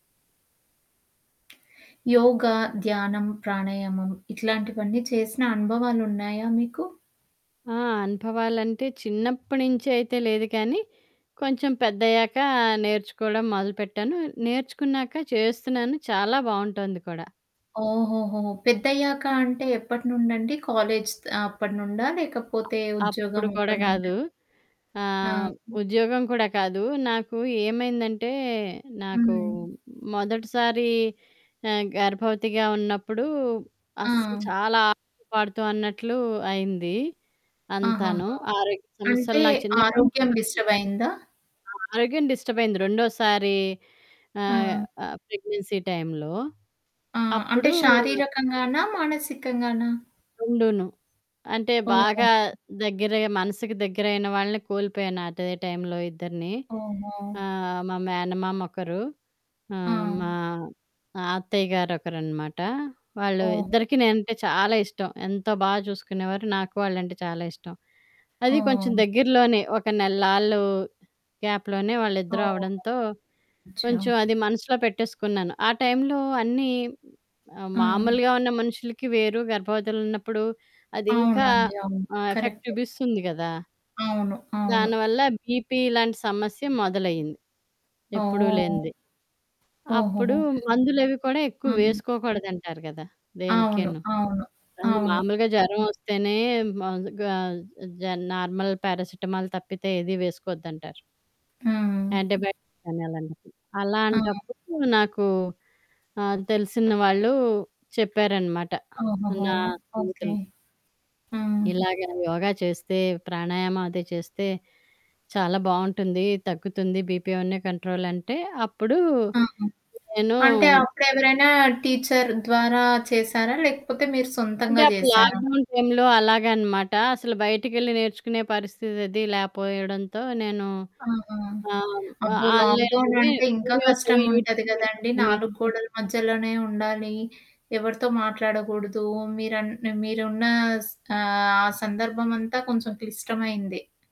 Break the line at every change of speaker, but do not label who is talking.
యోగ, ధ్యానం, ప్రాణాయామం ఇట్లాంటివన్నీ చేసిన అనుభవాలున్నాయా మీకు?
ఆ! అనుభవాలంటే చిన్నప్పటి నుంచయితే లేదు కానీ, కొంచెం పెద్దయ్యాక నేర్చుకోవడం మొదలుపెట్టాను. నేర్చుకున్నాక చేస్తున్నాను చాలా బావుంటోంది కూడా.
ఓహోహో! పెద్దయ్యాక అంటే ఎప్పటినుండండి? కాలేజ్ అప్పటినుండా? లేకపోతే ఉద్యోగం
అప్పుడు కూడా
అప్పటినుండా?
కాదు. ఆహ్,
ఆ!
ఉద్యోగం కూడా కాదు. నాకు ఏమైందంటే నాకు
హ్మ్.
మొదటిసారి ఆహ్, గర్భవతిగా ఉన్నప్పుడు, అస్సలు
ఆ!
చాలా ఆడుతూ పాడుతూ అన్నట్లు అయింది అంతాను.
ఆహాహా!
ఆరోగ్య సమస్యలు
అంటే
నాకు చిన్నప్పుడు నుంచి
ఆరోగ్యం
తక్కువ.
డిస్టర్బ్ అయిందా?
ఆ ఆరోగ్యం డిస్టర్బయింది. రెండోసారి ఆహ్,
ఆ!
ఆ ప్రెగ్నెన్సీ టైమ్‌లో
ఆ! అంటే
అప్పుడు
శారీరకంగానా? మానసికంగానా?
రెండూను. అంటే
ఓహో!
బాగా దగ్గరగా మనసుకి దగ్గరైన వాళ్ళని కోల్పోయాను అదే టైంలో ఇద్దరిని.
అవునా!
ఆ! మా మేనమామొకరు. ఆ!
ఆ!
మా అత్తయ్య గారొరనమాట. వాళ్ళు
ఓహో!
ఇద్దరికి నేనంటే చాలా ఇష్టం. ఎంతో బా చూసుకునేవారు, నాకు వాళ్ళంటే చాలా ఇష్టం. అది కొంచెం
ఆ!
దగ్గరలోనే ఒక నెళ్ళాళ్ళు గ్యాప్‌లోనే వాళ్ళిద్దరూ అవడంతో
అవునండి. అచ్చా!
కొంచెం అది మనసులో పెట్టేసుకున్నాను. ఆ టైంలో అన్నీ, ఆహ్,
అవును.
మామూలుగా ఉన్న మనుషులకి వేరు గర్భవతులున్నప్పుడు అదింకా
అవునండి. అవును.
ఆ ఎఫెక్ట్
కరెక్టే.
చూపిస్తుంది కదా!
అవును. అవును.
దానివల్ల బీపీలాంటి సమస్య మొదలైింది, ఎప్పుడూ
ఓహ్!
లేంది. అప్పుడు
ఓహోహో!
మందులవి కూడా ఎక్కువ
హ్మ్.
వేసుకోకూడదంటారు కదా!
అవును.
దేనికీను.
అవును.
అది
అవును.
మామూలుగా జ్వరవొస్తేనే మగా జ నార్మల్ పారాసిటమాల్ తప్పితే ఏది వేసుకోవద్దంటారు.
హ్మ్.
అంటీబయటిక్స్ కాని అలాంటప్పుడు.
ఆ!
అలాంటప్పుడు నాకు ఆహ్, తెలిసిన వాళ్ళు చెప్పారనమాట.
ఓహోహో!
నా
ఓకే.
జీవితంలో
హ్మ్.
ఇలాగ యోగా చేస్తే, ప్రాణాయామం అది చేస్తే చాలా బావుంటుంది. తగ్గుతుంది బీపీ అవన్నీ కంట్రోలంటే అప్పుడు
హ్మ్.
నేను
అంటే అప్పుడెవరైనా టీచర్ ద్వారా చేశారా? లేకపోతే మీరు
అంటే
సొంతంగా
అప్పుడు
జేశారా?
లాక్‌డౌన్ టైంలో అలాగనమాట. అసలు బయటికెళ్ళి నేర్చుకునే పరిస్థితది లేపోయడంతో నేను
ఆహా!
ఆహ్, ఆహ్,
అబ్బో! లాక్‌డౌన్
ఆన్‌లైన్‌లోనే
అంటే ఇంకా
వీడియోస్ అవి,
కష్టంగుంటది
యూట్యూబ్ వీడియోస్
కదండీ,
అని
నాలుగు గోడల మధ్యలోనే ఉండాలి. ఎవరితో మాట్లాడకూడదు. మీరం మీరున్న స్ ఆహ్, ఆ సందర్భమంతా కొంచెం క్లిష్టమైంది.